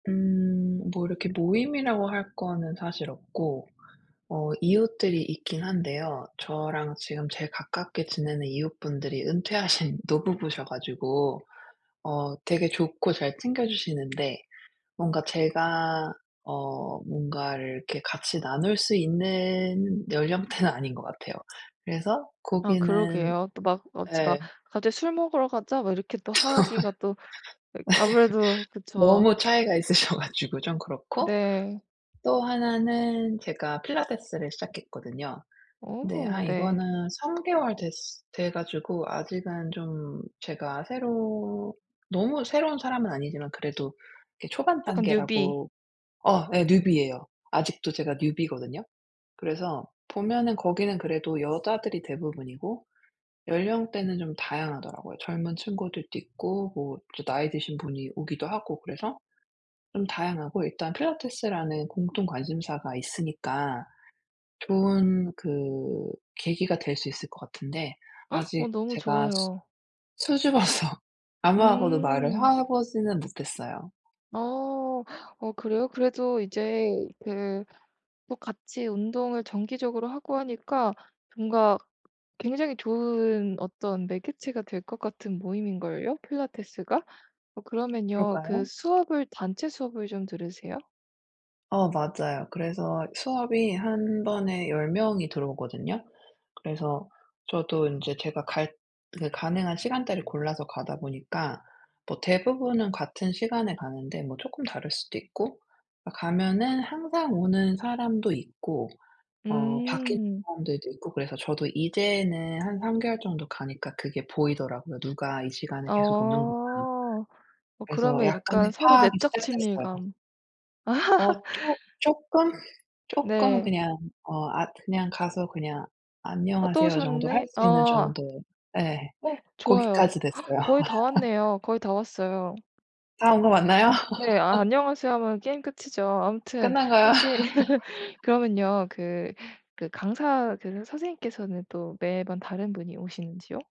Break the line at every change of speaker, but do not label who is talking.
음 뭐 이렇게 모임이라고 할 거는 사실 없고 어 이웃들이 있긴 한데요. 저랑 지금 제일 가깝게 지내는 이웃분들이 은퇴하신 노부부셔 가지고 어 되게 좋고 잘 챙겨주시는데 뭔가 제가 어 뭔가를 이렇게 같이 나눌 수 있는 연령대는 아닌 것 같아요. 그래서
아
거기는
그러게요. 또 막 어 지 막
예.
갑자기 "술 먹으러 가자." 뭐 이렇게 또 하기가 또 그 아무래도 그쵸.
너무 차이가 있으셔 가지고 좀 그렇고.
네.
또 하나는 제가 필라테스를 시작했거든요. 근데
어
아
네.
이거는 3 개월 됐으 돼 가지고 아직은 좀 제가 새로 너무 새로운 사람은 아니지만 그래도 이 초반
약간 뉴비.
단계라고 어 예. 뉴비예요. 아직도 제가 뉴비거든요. 그래서 보면은 거기는 그래도 여자들이 대부분이고 연령대는 좀 다양하더라고요. 젊은 친구들도 있고 뭐 또 나이 드신 분이 오기도 하고 그래서 좀 다양하고 일단 필라테스라는 공통 관심사가 있으니까 좋은 그 계기가 될 수 있을 것 같은데
어
아직
너무
제가 수
좋아요.
수줍어서 아무하고도 말을
음.
하 보지는 못했어요.
어. 어 그래요? 그래도 이제 그 뭐 같이 운동을 정기적으로 하고 하니까 뭔가 굉장히 좋은 어떤 매개체가 될 것 같은 모임인걸요 필라테스가? 어 그러면요 그
그럴까요?
수업을 단체 수업을 좀 들으세요?
어 맞아요. 그래서 수업이 1 번에 10 명이 들어오거든요. 그래서 저도 인제 제가 갈 그 가능한 시간대를 골라서 가다 보니까 뭐 대부분은 같은 시간에 가는데 뭐 쪼끔 다를 수도 있고 아 가면은 항상 오는 사람도 있고 어 바뀐
음.
사람들도 있고 그래서 저도 이제는 한 3 개월 정도 가니까 그게 보이더라고요. '누가 이 시간에 계속 오는구나.'
어. 어
그래서
그러면 약간
약간의
서로
파악이
내적
시작됐어요.
친밀감.
어 쪼 쪼끔? 쪼끔
네.
그냥 어 아 그냥 가서 그냥
'어 또
"안녕하세요." 정도 할
오셨네.' 어.
수 있는
어.
정도. 예.
좋아요.
거기까지 됐어요.
거의 다 왔네요. 거의 다 왔어요.
다 온 거 맞나요?
그 네 아 "안녕하세요." 하면 게임 끝이죠. 아무튼
끝난 거야?
혹시 그러면요 그 그 강사 그러 선생님께서는 또 매번 다른 분이 오시는지요?